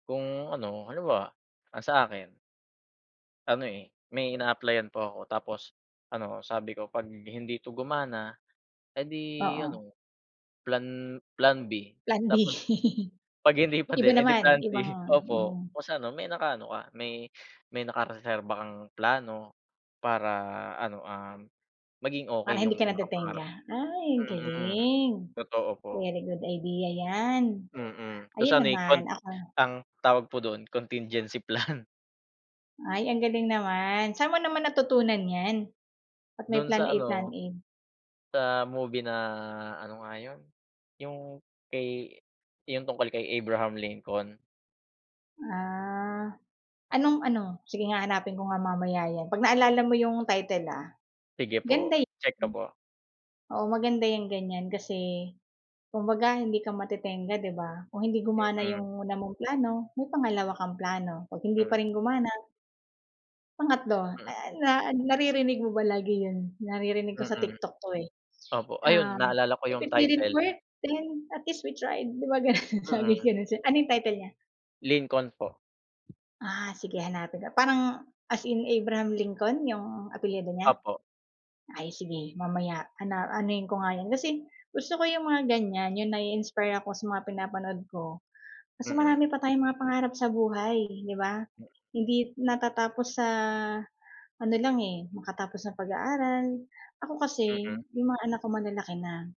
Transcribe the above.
Kung ano ano ba? Ang sa akin Ano eh, may ina-applyan po ako tapos ano sabi ko 'pag hindi 'to gumana, eh di Oo. ano plan plan B. Plan B Tapos 'Pag hindi pa iba din eh 'di plan naman, ibang B. Opo mm. kung sa ano, may nakaano ka. May may nakareserba kang plano para ano, um, maging Para okey hindi yung ka mga pangarap natetengga, mo. ay Mm, galing. totoo po. Very good idea yan. Mm. Kung Ayun saan eh, kon naman, ako ang tawag po dun contingency plan. Ay ang galing naman, saan mo naman natutunan yan? At may Dun sa Plan A, Plan ano A. sa movie na, ano nga yun? Yung kay yung tungkol kay Abraham Lincoln. Ah, anong ano? Sige nga hanapin ko nga mamaya yan, 'pag naalala mo yung title, ah. Sige po, Ganda eh, check ko hmm. po. Oo maganda yung ganyan, kasi kumbaga hindi ka matetengga, 'di ba? Kung hindi gumana Mm. yung una mong plano, may pangalawa kang plano, 'pag hindi pa Hmm. rin gumana Pangatlo, Mm. ah, na naririnig mo ba lagi yun? Naririnig ko sa Mm. TikTok 'to, eh. Opo. Ah, Ayun, naalala ko if yung it didn't title. work, then at least we tried, 'di ba ganun? Sabi Mm. ganun, ano yung title nya? Lincoln po. Ah, sige hanapin ko, parang as in Abraham Lincoln 'yung apelyido niya? Opo. Ay, sige mamaya ana anuhin ko nga yun, kasi gusto ko yung mga ganyan yung, nai-inspire ako sa mga pinapanood ko. Kasi Mm. marami pa tayong mga pangarap sa buhay, 'di ba? Mm. Hindi natatapos sa ano lang eh, makatapos ng pag-aaral. Ako kasi Mm. yung mga anak ko malalaki na.